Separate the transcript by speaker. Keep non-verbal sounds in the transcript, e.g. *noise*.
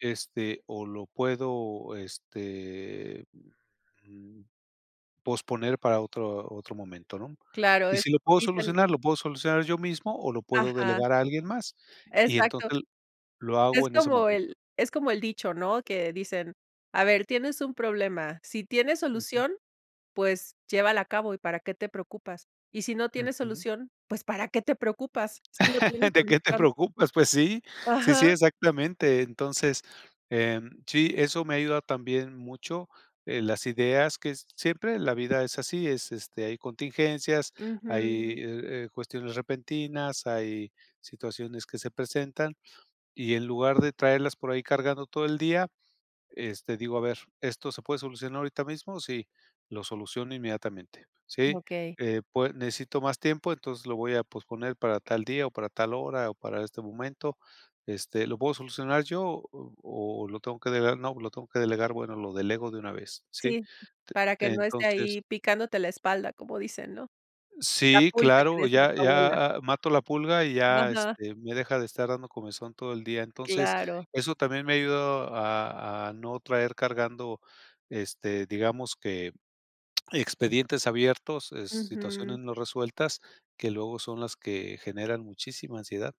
Speaker 1: Este, o, lo puedo, este, mm, posponer para otro otro momento, ¿no?
Speaker 2: Claro,
Speaker 1: Y
Speaker 2: es
Speaker 1: si lo
Speaker 2: como
Speaker 1: puedo
Speaker 2: dicen
Speaker 1: solucionar, lo puedo solucionar yo mismo, o lo puedo
Speaker 2: ajá
Speaker 1: delegar a alguien más, y
Speaker 2: exacto.
Speaker 1: entonces lo
Speaker 2: Es
Speaker 1: hago en ese
Speaker 2: como
Speaker 1: momento.
Speaker 2: el es como el dicho, ¿no? Que dicen: "A ver, tienes un problema, si tiene
Speaker 1: Ujú.
Speaker 2: solución, pues llévala a cabo y para qué te preocupas. Y si no tiene
Speaker 1: Ujú.
Speaker 2: solución, ¿pues para qué te preocupas? Si no tiene
Speaker 1: *laughs* ¿De qué te
Speaker 2: solución".
Speaker 1: preocupas? Pues, sí, sí, sí,
Speaker 2: Ajá.
Speaker 1: exactamente. Entonces, sí, eh, eso me ha ayudado también mucho. Eh, las ideas que siempre la vida es así, es, este, hay contingencias, hay,
Speaker 2: Ujú.
Speaker 1: eh eh, cuestiones repentinas, hay situaciones que se presentan, y en lugar de traerlas por ahí cargando todo el día, este, digo: "A ver, ¿esto se puede solucionar ahorita mismo? Sí, lo soluciono inmediatamente, ¿sí?
Speaker 2: Okey.
Speaker 1: Eh, pued necesito más tiempo, entonces lo voy a posponer para tal día, o para tal hora, o para este momento. Este, ¿lo puedo solucionar yo, o-o lo tengo que delegar? No, lo tengo que delegar, bueno, lo delego de una vez, ¿sí?".
Speaker 2: Sí,
Speaker 1: T
Speaker 2: para que
Speaker 1: te
Speaker 2: no esté
Speaker 1: entonces
Speaker 2: ahí, picándote la espalda, como dicen, ¿no? La
Speaker 1: Sí,
Speaker 2: pulga que
Speaker 1: claro,
Speaker 2: decía
Speaker 1: ya
Speaker 2: tu abuela.
Speaker 1: ya a mato la pulga y ya,
Speaker 2: Ajá.
Speaker 1: este, me deja de estar dando comezón todo el día. Entonces
Speaker 2: Claro.
Speaker 1: eso también me ha ayudado a a no traer cargando, este, digamos que expedientes abiertos, eh, situaciones
Speaker 2: Ujú.
Speaker 1: no resueltas, que luego son las que generan muchísima ansiedad.